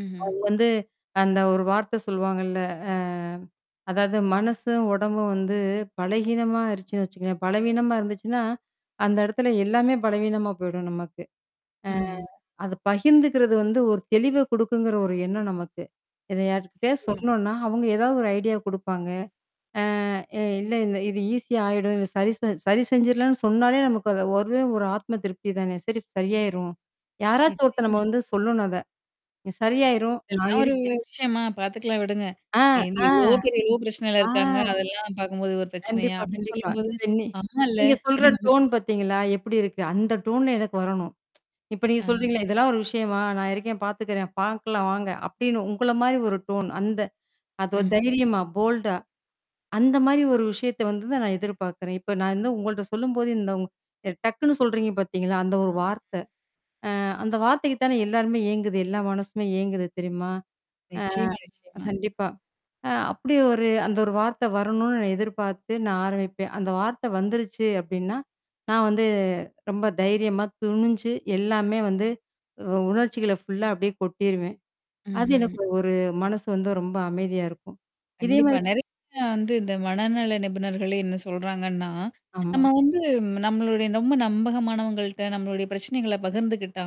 ம்ஹ்ம். அவங்க வந்து அந்த ஒரு வார்த்த சொல்லவாங்கல்ல. அ. அதாவது மனசும், உடம்பும் வந்து பலகீனமா ஆயிருச்சுன்னு வச்சுக்கோங்களேன். பலகீனமா இருந்துச்சுன்னா, அந்த இடத்துல எல்லாமே பலவீனமா போயிடும் நமக்கு. அ. ம்ஹ்ம். அது பகிர்ந்துக்கிறது வந்து ஒரு தெளிவ கொடுக்குங்கிற ஒரு எண்ணம் நமக்கு. இத யார்கிட்டயாவது நிச்சயமா. சொன்னோன்னா, அவுங்க ஏதாவது ஒரு ஐடியா குடுப்பாங்க. அ இல்ல இந்த இது ஈஸியா ஆயிடும். சரி செ சரி செஞ்சுர்லான்னு சொன்னாலே நமக்கு அது ஒரே ஒரு ஆத்ம திருப்தி தானே. சரி சரியாயிரும். யாராச்சும் ஒருத்த நம்ம நிச்சயமா. வந்து சொல்லணும் அத. சரியாயிரும். நான் இதெல்லாம் ஒரு வி இருக்கேன். விஷயமா? பாத்துக்கலாம் விடுங்க. ஆ, "ஏங்க ஆ. எவ்வளோ பேர் எவ்வளோ பிரச்சனைையில ஆ. இருக்காங்க. அதெல்லாம் பாக்கும்போது இது ஒரு பிரச்சனையா?" கண்டிப்பா, அப்டின்னு கண்டிப்பா. சொல்லும்போது. இப்ப இனி அம்மால்ல. நீங்க சொல்ற அப்டின்னு நமக்கே டோன் பாத்தீங்களா, எப்படி இருக்கு? அந்த டோன்ல எனக்கு வரணும். இப்ப நீங்க அ. சொல்றீங்களே "இதெல்லாம் ஒரு விஷயமா நான் இருக்கேன் பார்த்துக்கிறேன். பாக்கலாம் வாங்க". அப்டின்னு உங்கள மாரி ஒரு டோன் அந்த அதுவா ம்ஹ்ம். தைரியமா போல்டா. அந்த மாரி ஒரு விஷயத்த வந்து தான் நான் எதிர்பாக்குறேன். இப்ப நான் வந்து உங்கள்ட்ட சொல்லும்போது இந்த வ் டக்குன்னு சொல்றீங்க பாத்தீங்களா, அந்த ஒரு வார்த்த. அ அந்த வார்த்தைக்கு தானே எல்லாருமே ஏங்குது. எல்லா மனசுமே ஏங்குது தெரியுமா? நிச்சயமா, ஆ. நிச்சயமா. கண்டிப்பா. அ அப்படி ஒரு அந்த ஒரு வார்த்தை வரணும்னு நான் எதிர்பார்த்து நான் ஆரம்பிப்பேன். அந்த வார்த்தை வந்துருச்சு அப்டின்னா. நான் வந்து ரொம்ப தைரியமா துணிஞ்சு எல்லாமே வந்து உ உணர்ச்சிகளை ஃபுல்லா அப்டியே கொட்டிருவேன். அது ம்ஹ்ம். எனக்கு ஒரு மனசு வந்து ரொம்ப அமைதியா இருக்கும். இதே கண்டிப்பா. மாரி. நிறைய. வந்து இந்த மனநல நிபுணர்களே என்ன சொல்றாங்கன்னா. ஆமா. நம்ம வந்து நம்மளுடைய ரொம்ப நம்பகமானவங்கள்ட்ட, நம்மளுடைய பிரச்சனைகளை பகிர்ந்துக்கிட்டா,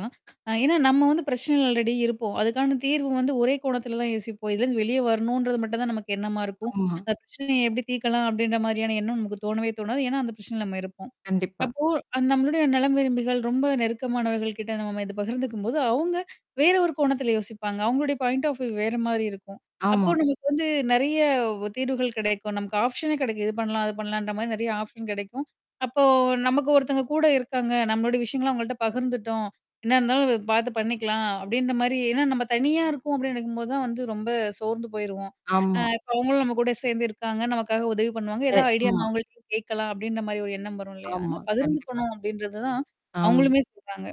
அ ஏன்னா நம்ம வந்து பிரச்சனைல அல்ரெடி இருப்போம். அதுக்கான தீர்வு வந்து ஒரே கோணத்தில தான் யோசிப்போம். இதுலேருந்து வெளியே வரணுன்றது மட்டும் தான் நமக்கு எண்ணமா இருக்கும். ஆமா. அந்த பிரச்சனைய எப்படி தீர்க்கலாம் அப்படின்ற மாரியான எண்ணம் நமக்கு தோணவே தோணாது. ஏன்னா, அந்த பிரச்சனைல நம்ம இருப்போம். கண்டிப்பா. அப்போ அந் நம்மளுடைய நலம் விரும்பிகள் ரொம்ப நெருக்கமானவர்கள் கிட்ட நம்ம இத பகிர்ந்துக்கும்போது அவங்க வேற ஒரு கோணத்தில யோசிப்பாங்க. அவங்களுடைய பாயிண்ட் ஆஃப் வியூ வேற மாரி இருக்கும். அப்போ ஆமா. நமக்கு வந்து நெறைய வ் தீர்வுகள் கிடைக்கும். நமக்கு ஆப்ஷனே கிடைக்கும். இது பண்ணலாம். அது பண்ணலான்ற மாரி நிறைய ஆப்ஷன் கிடைக்கும். அப்போ "நமக்கு ஒருத்தங்க கூட இருக்காங்க. நம்மளுடைய விஷயங்கள்லாம் அவங்கள்ட்ட பகிர்ந்துட்டோம். என்ன இருந்தாலும் வ பார்த்து பண்ணிக்கலாம்" அப்படின்ற மாரி ஏன்னா நம்ம தனியா இருக்கோம் அப்டின்னு நினைக்கும்போது தான் வந்து ரொம்ப சோர்ந்து போயிருவோம். அ ஆமா. இப்ப அவங்களும் நம்ம கூட சேர்ந்து இருக்காங்க, நமக்காக உதவி பண்ணுவாங்க. எ ஏதாவது ஆமா. ஐடியானா அவங்கள்ட்டயும் கேட்கலாம் அப்டின்ற மாரி ஒரு எண்ணம் வரும் இல்லையா? ஆமா. அதனால கண்டிப்பா. பகிர்ந்துக்கணும் அப்படின்றது தான். ஆமா. அவங்களுமே சொல்றாங்க.